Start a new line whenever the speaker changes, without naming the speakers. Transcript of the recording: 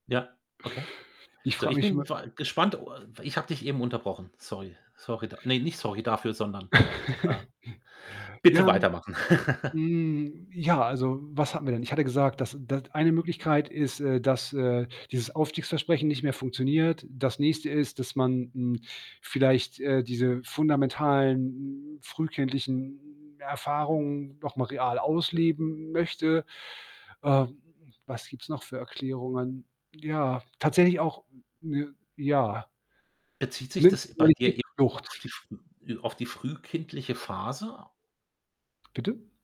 Ja, okay.
Ich
So,
frage
ich
mich
bin
nur
vor a gespannt o ich habe dich eben unterbrochen. Sorry, sorry, da ne, nicht sorry dafür, sondern, äh, bitte
ähm,
weitermachen.
hm, ja, also, was hatten wir denn? Ich hatte gesagt, dass n da eine Möglichkeit ist, äh, dass, äh, dieses Aufstiegsversprechen nicht mehr funktioniert. Das Nächste ist, dass man, hm, vielleicht, äh, diese fundamentalen, frühkindlichen Erfahrungen noch mal real ausleben möchte. Ähm, was gibt's noch für Erklärungen? Ja, tatsächlich auch, ne ja
Bezieht sich das bei dir eher auf
[unintelligible]
die früh auf die frühkindliche Phase?
Bitte?